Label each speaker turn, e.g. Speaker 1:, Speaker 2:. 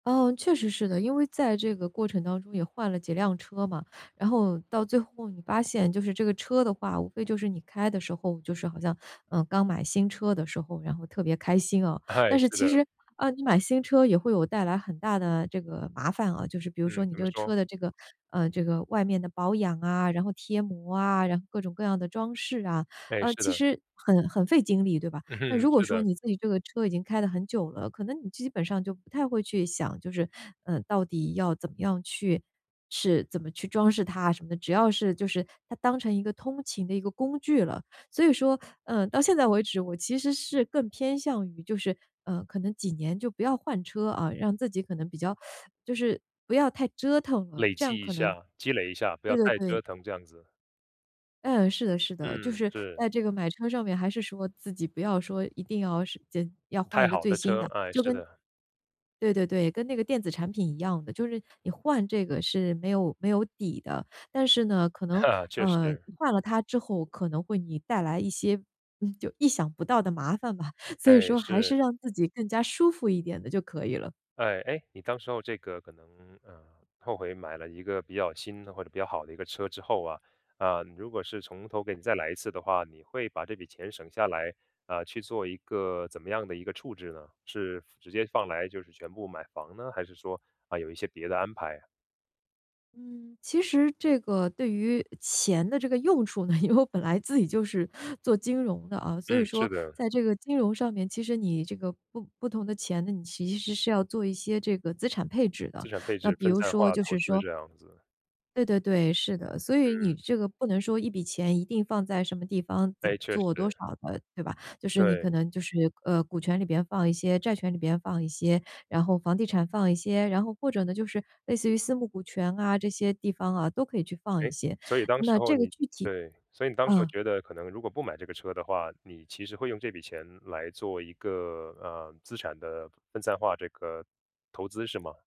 Speaker 1: 嗯，确实是的。因为在这个过程当中也换了几辆车嘛，然后到最后你发现就是这个车的话，无非就是你开的时候，就是好像 呃，刚买新车的时候，然后特别开心啊。
Speaker 2: 哎，
Speaker 1: 但是
Speaker 2: 是
Speaker 1: 其
Speaker 2: 的。
Speaker 1: 实，啊，你买新车也会有带来很大的这个麻烦啊，就是比如说
Speaker 2: 嗯，
Speaker 1: 你
Speaker 2: 怎
Speaker 1: 这
Speaker 2: 么
Speaker 1: 个
Speaker 2: 说？
Speaker 1: 车的这个，呃，这个外面的保养啊，然后贴膜啊，然后各种各样的装饰啊。
Speaker 2: 哎，
Speaker 1: 呃，
Speaker 2: 是
Speaker 1: 其
Speaker 2: 的。
Speaker 1: 实很很费精力，对吧？那
Speaker 2: 嗯，
Speaker 1: 如果
Speaker 2: 是
Speaker 1: 说
Speaker 2: 的。
Speaker 1: 你自己这个车已经开了很久了，可能你基本上就不太会去想，就是，呃，到底要怎么样去是怎么去装饰它啊，什么的。只要是就是它当成一个通勤的一个工具了。所以说，呃，到现在为止，我其实是更偏向于就是，呃，可能几年就不要换车，啊。嗯，让自己可能比较 就是不要太折腾了。
Speaker 2: 累
Speaker 1: 这样
Speaker 2: 积一
Speaker 1: 可能
Speaker 2: 下，积累一下，不
Speaker 1: 对
Speaker 2: 要
Speaker 1: 对
Speaker 2: 太
Speaker 1: 对。
Speaker 2: 折腾这样子。
Speaker 1: 嗯，是的是的，就
Speaker 2: 嗯，
Speaker 1: 是
Speaker 2: 是。
Speaker 1: 在这个买车上面，还是说自己不要说一定要是间要换
Speaker 2: 开
Speaker 1: 一个
Speaker 2: 好
Speaker 1: 最
Speaker 2: 的
Speaker 1: 新
Speaker 2: 车。
Speaker 1: 的。就
Speaker 2: 哎，是的。
Speaker 1: 跟对对对。跟那个电子产品一样的，就是你换这个是没有没有底的，但是呢，可能，
Speaker 2: 确
Speaker 1: 呃，
Speaker 2: 实。
Speaker 1: 换了它之后可能会你带来一些，嗯，就意想不到的麻烦吧。所以
Speaker 2: 哎，
Speaker 1: 说还是
Speaker 2: 是。
Speaker 1: 让自己更加舒服一点的就可以了。
Speaker 2: 哎。诶，你当时候这个可能，嗯，后悔买了一个比较新的或者比较好的一个车之后啊，嗯，如果是从头给你再来一次的话，你会把这笔钱省下来，呃，去做一个怎么样的一个处置呢？是直接放来，就是全部买房呢？还是说，嗯，有一些别的安排啊？
Speaker 1: 嗯，其实这个对于钱的这个用处呢，因为我本来自己就是做金融的啊，所以
Speaker 2: 嗯，是
Speaker 1: 说
Speaker 2: 的。
Speaker 1: 在这个金融上面，其实你这个不不同的钱呢，你其实是要做一些这个资产配置的。
Speaker 2: 资产配
Speaker 1: 那
Speaker 2: 置、
Speaker 1: 比
Speaker 2: 分
Speaker 1: 如
Speaker 2: 散
Speaker 1: 说
Speaker 2: 化
Speaker 1: 就是
Speaker 2: 投资
Speaker 1: 说
Speaker 2: 这样子。
Speaker 1: 对对对，是的。所以你
Speaker 2: 嗯。
Speaker 1: 这个不能说一笔钱一定放在什么地方、怎么
Speaker 2: 诶，确
Speaker 1: 做、多
Speaker 2: 实。
Speaker 1: 少的，对吧？就是你
Speaker 2: 对。
Speaker 1: 可能就是，呃，股权里边放一些、债权里边放一些、然后房地产放一些，然后或者呢，就是类似于私募股权啊，这些地方啊，都可以去放一
Speaker 2: 诶，
Speaker 1: 些。
Speaker 2: 所以当时
Speaker 1: 那
Speaker 2: 候
Speaker 1: 这个
Speaker 2: 你
Speaker 1: 具体
Speaker 2: 对，所以你当时候
Speaker 1: 嗯。
Speaker 2: 觉得可能如果不买这个车的话，你其实会用这笔钱来做一个，呃，资产的分散化这个投资是吗？